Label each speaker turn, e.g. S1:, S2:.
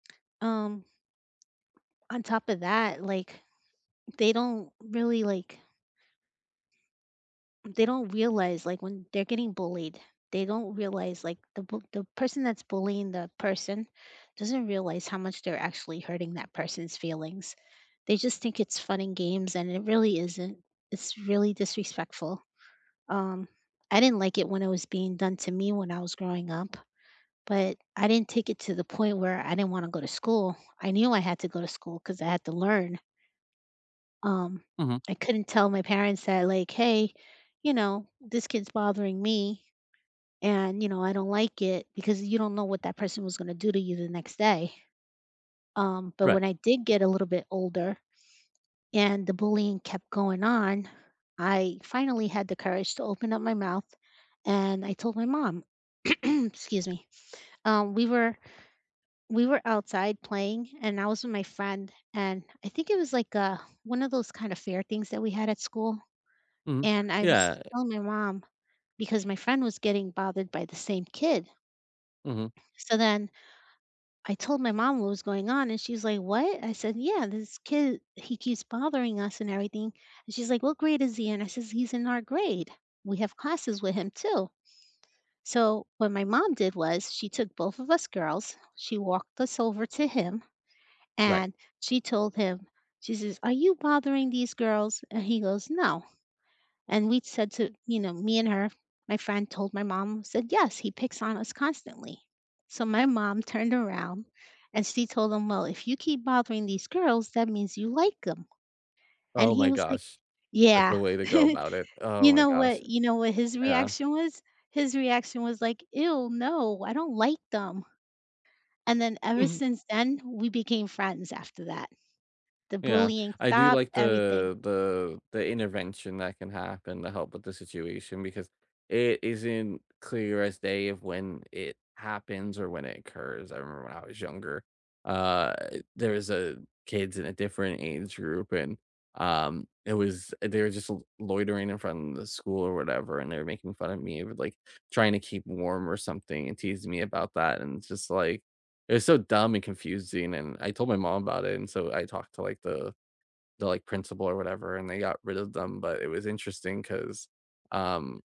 S1: Um. On top of that, like, they don't really like They don't realize, like, when they're getting bullied, they don't realize, like, the bu the person that's bullying the person doesn't realize how much they're actually hurting that person's feelings. They just think it's fun and games, and it really isn't. It's really disrespectful. Um, I didn't like it when it was being done to me when I was growing up, but I didn't take it to the point where I didn't wanna go to school. I knew I had to go to school 'cause I had to learn. Um,
S2: Mhm.
S1: I couldn't tell my parents that, like, "Hey, you know, this kid's bothering me." And, you know, I don't like it because you don't know what that person was gonna do to you the next day. Um, but
S2: Right.
S1: when I did get a little bit older and the bullying kept going on, I finally had the courage to open up my mouth, and I told my mom, excuse me, um, we were we were outside playing and I was with my friend, and I think it was like, uh, one of those kinda fair things that we had at school,
S2: Mhm,
S1: and I was
S2: yeah.
S1: telling my mom because my friend was getting bothered by the same kid.
S2: Mhm.
S1: So then I told my mom what was going on and she's like, "What?" I said, "Yeah, this kid, he keeps bothering us and everything." And she's like, "What grade is he in?" I says, "He's in our grade. We have classes with him too." So what my mom did was she took both of us girls, she walked us over to him,
S2: Right.
S1: and she told him, she says, "Are you bothering these girls?" And he goes, "No." And we'd said to, you know, me and her, my friend told my mom, said, "Yes, he picks on us constantly." So my mom turned around and she told him, "Well, if you keep bothering these girls, that means you like 'em." And
S2: Oh
S1: he
S2: my
S1: was like
S2: gosh, that's
S1: Yeah.
S2: the way to go about it. Oh
S1: you
S2: my
S1: know
S2: gosh.
S1: what you know what his
S2: Yeah.
S1: reaction was? His reaction was like, "Ew, no, I don't like them." And then ever
S2: Mhm.
S1: since then, we became friends after that. The
S2: Yeah,
S1: bullying
S2: I do
S1: stopped,
S2: like
S1: everything.
S2: the the the intervention that can happen to help with the situation, because it isn't clear as day of when it happens or when it occurs. I remember when I was younger, uh, there was a kids in a different age group, and, um, it was, they were just l loitering in front of the school or whatever, and they were making fun of me with, like, trying to keep warm or something, and teasing me about that, and it's just like, it was so dumb and confusing, and I told my mom about it, and so I talked to, like, the the, like, principal or whatever, and they got rid of them, but it was interesting 'cause, um